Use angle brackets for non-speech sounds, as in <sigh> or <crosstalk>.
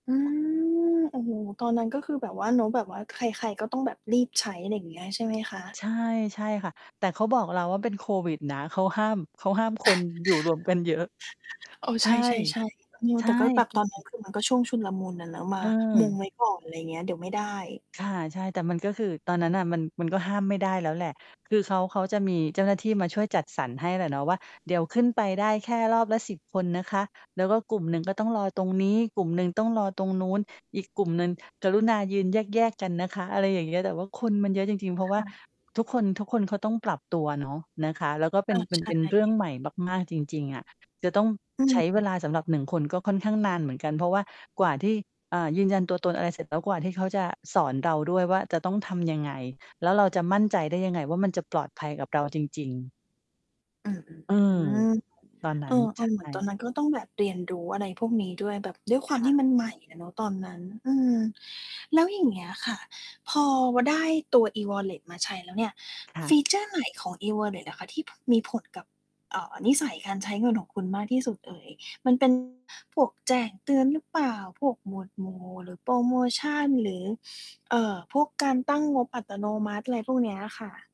อืม <unintelligible> โอ้โฮ ตอน นั้นก็คือแบบว่าเนาะ แบบว่าใคร ๆ ก็ต้องแบบรีบใช้ อะไรอย่างเงี้ยใช่ไหมคะ? ใช่ ๆ ค่ะ แต่เขาบอกเราว่า "เป็นโควิดนะ เขาห้าม เขาห้ามคนอยู่รวมกันเยอะ" <laughs> เออ ใชใช่ ่ ๆ ๆ อือ ใชแ่ ต่ก็แบบ ตอน นั้นคือมันก็ช่วงชุลมุนอะเนาะ มามุเองอ ไว้ก่อน อะไรอย่างเงี้ย เดี๋ยวไม่ได้ ค่ะ ใช่ แต่มันก็คือ ตอนนั้นน่ะมัน มันก็ห้ามไม่ได้แล้วแหละ คือเขา เขาจะมีเจ้าหน้าที่มาช่วยจัดสรรให้แหละเนาะว่า "เดี๋ยวขึ้นไปได้แค่รอบละ 10 คนนะคะ แล้วก็กลุ่มหนึ่ง ก็ต้องรอตรงนี้ กลุ่มหนึ่งต้องรอตรงนู้น อีกกลุ่มหนึ่งกรุณายืนแยก ๆ กันนะคะ" อะไรอย่างเงี้ย แต่ว่าคนมันเยอะจริง ๆ เพราคะว่า ่ะ ทุกคน ทุกคนเขาต้องปรับตัวเนาะ นะคะ แล้วก็เปเ็อน อ เป็ใชน เป็นเรื่อง่ ใหม่มาก ๆ จริง ๆ อะ จะต้องอืใช้เวม ลาสำหรับ 1 คน ก็ค่อนข้างนานเหมือนกัน เพราะว่ากว่าที่ อ่า ยืนยันตัวตน อะไรเสร็จแล้ว กว่าที่เขาจะสอนเราด้วยว่าจะต้องทำยังไง แล้วเราจะมั่นใจได้ยังไงว่า มันจะปลอดภัยกับเราจริง ๆ อืม อืๆ อม ือ ตอนนัเ้ออ น ใชๆ เหมือนตอน่ นั้น ก็ต้องแบบเรียนรู้ อะไรพวกนี้ด้วย แบบด้วยควาคมท่ะ ี่มันใหม่อะเนาะตอนนั้น อืม แล้วอย่างเงี้ยค่ะ พอ ว ได้ตัว E-Wallet มาใช้แล้วเนี่ย ค่ฟะ ีเชอร์ ไหนของ E-Wallet อะคะที่ ผ มีผลกับ เอ่อ นิสัยการใช้เงินของคุณมากที่สุดเอ่ย? มัน เป็น พวกแจ้งเตือนหรือเปล่า? พวกหมวดหมู่ หรือโพรโมชัน? หรือ <sniffs> เอ่อ พวกการตั้งงบอัตโนมัติ? อะไรพวกเนี้ยค่ะ